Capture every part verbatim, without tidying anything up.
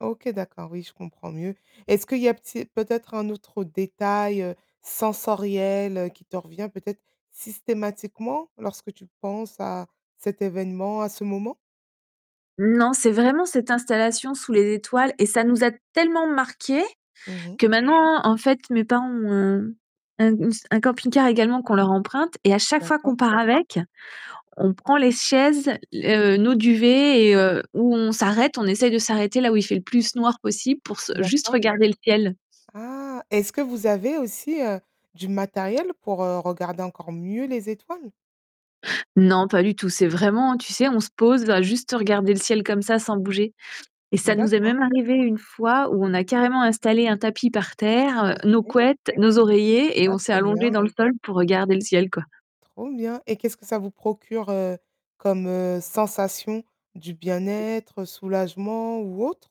OK, d'accord, oui, je comprends mieux. Est-ce qu'il y a p tu sais, peut-être un autre détail, heu, sensoriel qui te revient peut-être systématiquement lorsque tu penses à cet événement, à ce moment? Mmh, non, c'est vraiment cette installation sous les étoiles et ça nous a tellement marqués Mmh mh. que maintenant en fait mes parents ont ont ont s un camping-car également qu'on leur emprunte et à chaque fois qu'on D'accord. part avec, on prend les chaises l heu, nos duvets et heu, où on s'arrête, on essaye de s'arrêter là où il fait le plus noir possible pour se juste D'accord. regarder le ciel. Ah, est-ce que vous avez aussi, heu, du matériel pour, heu, regarder encore mieux les étoiles? Non, pas du tout. C'est vraiment, tu sais, on se pose, on va juste regarder le ciel comme ça sans bouger. Et ça nous est D'accord. même arrivé une fois où on a carrément installé un tapis par terre, heu, nos OK. couettes, nos oreillers et Ah, on s'est trop allongés bien. dans le sol pour regarder le ciel quoi. Trop bien. Et qu'est-ce que ça vous procure, heu, comme, heu, sensation, du bien-être, soulagement ou autre?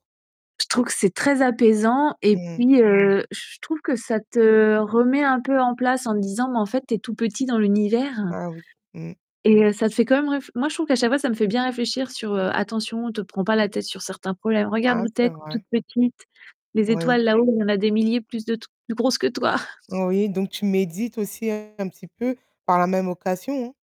Je trouve que c'est très apaisant et Mmh. puis, heu, je trouve que ça te remet un peu en place en disant, mais en fait tu es tout petit dans l'univers. Ah, oui, mmh. Et heu, ça te fait quand même réf moi je trouve qu'à chaque fois, ça me fait bien réfléchir sur, heu: «Attention, te prends pas la tête sur certains problèmes. Regarde Ah où tu c'est es! Tu es toute vrai. petite, les Oui. étoiles là-haut, il y en a des milliers, plus de de plus grosses que toi». Oui, donc tu médites aussi un petit peu par la même occassion, hein.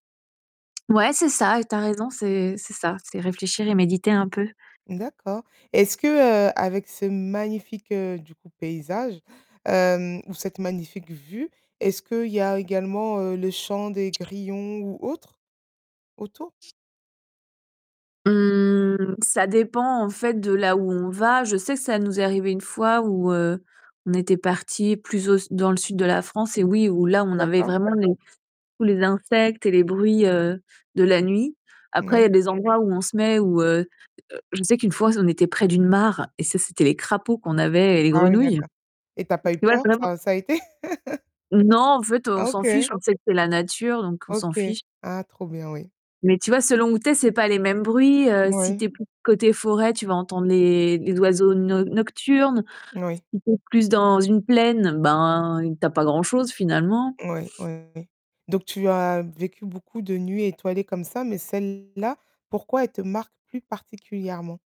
Ouais, c'est ça, et tu as raison, c'est c'est ça, c'est réfléchir et méditer un peu. D'accord. Est-ce que, heu, avec ce magnifique, heu, du coup, paysage, hem, ou cette magnifique vue, est-ce qu'il y a également, heu, le chant des grillons ou autres autour? Mmh, ça dépend en fait de là où on va. Je sais que ça nous est arrivé une fois où, heu, on était partis plus au s dans le sud de la France et oui, où là on avait D'accord. vraiment les tous les insectes et les bruits, heu, de la nuit. Après, il y a Moui. des endroits où on se met, où, heu heu je sais qu'une fois, on était près d'une mare et ça c'était les crapauds qu'on avait et les Ah oui, grenouilles. d'accord. Et tu as Et pas eu puis, ouais, peur? vraiment. Enfin, ça a été? Non, en fait, on Ah, s'en fiche, OK. on sait que c'est la nature, donc on s'en OK, fiche. ah, trop bien oui. Mais tu vois, selon où tu c'est pas les mêmes bruits, heu, Si tu Moui. es plus côté forêt, tu vas entendre les les oiseaux no nocturnes, Moui. si tu es plus dans une plaine, ben, tu as pas grand-chose finalement. Moui oui, oui, oui. Donc tu as vécu beaucoup de nuits étoilées comme ça, mais celle-là, pourquoi elle te marque plus particulièrement?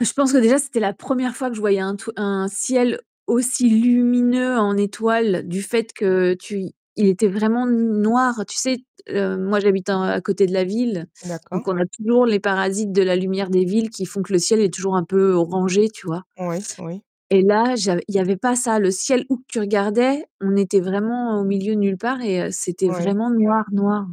Et je pense que déjà c'était la première fois que je voyais un tru un ciel aussi lumineux en étoile du fait que tu il était vraiment n noir. Tu sais, t heu, moi j'habite en à côté de la ville, donc, D'accord. on a toujours les parasites de la lumière des villes qui font que le ciel est toujours un peu orangé, tu vois? Oui, oui. Et là, j'av il y avait pas ça. Le ciel où que tu regardais, on était vraiment au milieu de nulle part et heu, c'était Oui. vraiment noir, noir.